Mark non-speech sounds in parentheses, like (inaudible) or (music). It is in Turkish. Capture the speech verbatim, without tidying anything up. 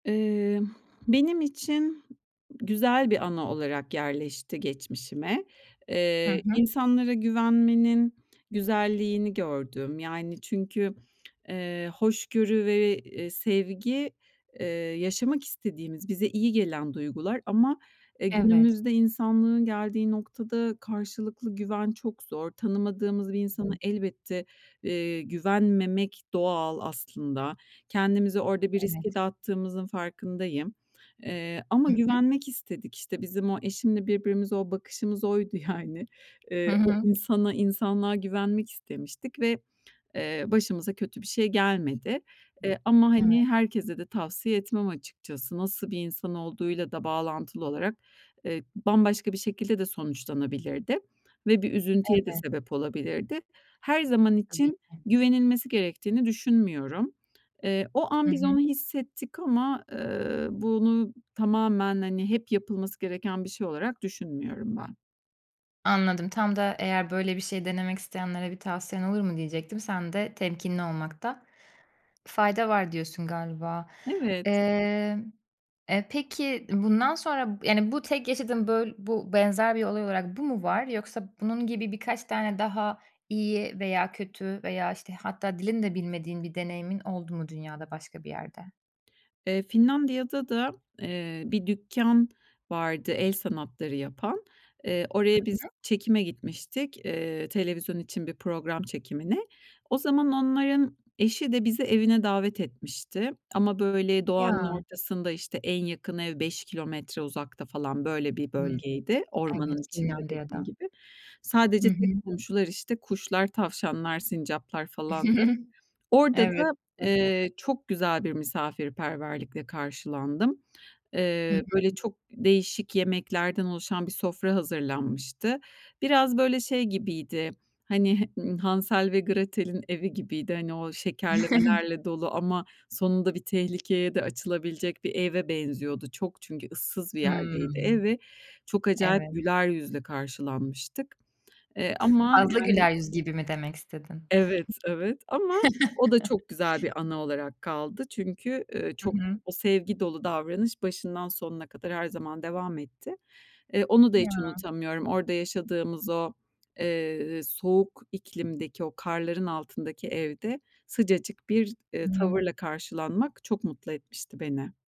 Emm, benim için güzel bir anı olarak yerleşti geçmişime. Hı Eee, hı. insanlara güvenmenin güzelliğini gördüm. Yani, çünkü, eee, hoşgörü ve, eee, sevgi, eee, yaşamak istediğimiz, bize iyi gelen duygular ama, e, Evet. günümüzde insanlığın geldiği noktada karşılıklı güven çok zor. Tanımadığımız bir insana elbette, eee, güvenmemek doğal aslında. Kendimizi orada bir riske Evet. de attığımızın farkındayım. Eee, ama Hı hı. güvenmek istedik, işte, bizim o eşimle birbirimize o bakışımız oydu yani. Hı Eee, o hı. insana, insanlığa güvenmek istemiştik ve, eee, başımıza kötü bir şey gelmedi. Eee, ama, Evet. hani, herkese de tavsiye etmem açıkçası. Nasıl bir insan olduğuyla da bağlantılı olarak, eee, bambaşka bir şekilde de sonuçlanabilirdi ve bir üzüntüye de Evet. sebep olabilirdi. Her zaman Tabii için ki. güvenilmesi gerektiğini düşünmüyorum. Eee, o an Hı biz onu hı. hissettik ama, ııı, bunu tamamen, hani, hep yapılması gereken bir şey olarak düşünmüyorum ben. Anladım. Tam da eğer "Böyle bir şey denemek isteyenlere bir tavsiyen olur mu?" diyecektim. Sen de, "Temkinli olmakta fayda var." diyorsun, galiba. Evet! Emm, e, peki ı bundan sonra b yani, bu tek yaşadığın böl bu benzer bir olay olarak bu mu var? Yoksa bunun gibi birkaç tane daha iyi veya kötü veya, işte, hatta dilini de bilmediğin bir deneyimin oldu mu dünyada başka bir yerde? Eee, Finlandiya'da da, eee, bir dükkân vardı el sanatları yapan. Eee, Hı oraya biz hı. çekime gitmiştik, eee, televizyon için bir program çekimine. O zaman onların eşi de bizi evine davet etmişti ama, böyle, doğanın Ya! ortasında, işte, en yakın ev, beş kilometre uzakta falan. Böyle bir Hıı. bölgeydi. Evet, Ormanın içinde, dediğim Finlandiya'da. gibi. Hı Sadece tek hı. komşular, işte, kuşlar, tavşanlar, sincaplar falandı. (chuckles) Orada Evet, da, (unintelligible) eee, çok güzel bir misafirperverlikle karşılandım. Hı hı. Eee, böyle, çok değişik yemeklerden oluşan bir sofra hazırlanmıştı. Biraz, böyle, şey gibiydi, hani, h ııı, Hansel ve Gretel'in evi gibiydi. Hani o (chuckles) şekerlemelerle dolu ama sonunda bir tehlikeye de açılabilecek bir eve benziyordu. Çok çünkü ıssız bir Hıı. yerdeydi ev ve çok acayip Evet. güler yüzle karşılanmıştık. Eee, ama Fazla yani güler yüz gibi mi demek istedin? Evet, evet. Ama o da çok güzel bir (chuckles) anı olarak kaldı. Çünkü, ııı, Hı çok hı. o sevgi dolu davranış başından sonuna kadar her zaman devam etti. Eee, onu da hiç Ya! unutamıyorum. Orada yaşadığımız o, eee, soğuk iklimdeki, o karların altındaki evde sıcacık bir, eee, Hı hı. tavırla karşılanmak çok mutlu etmişti beni.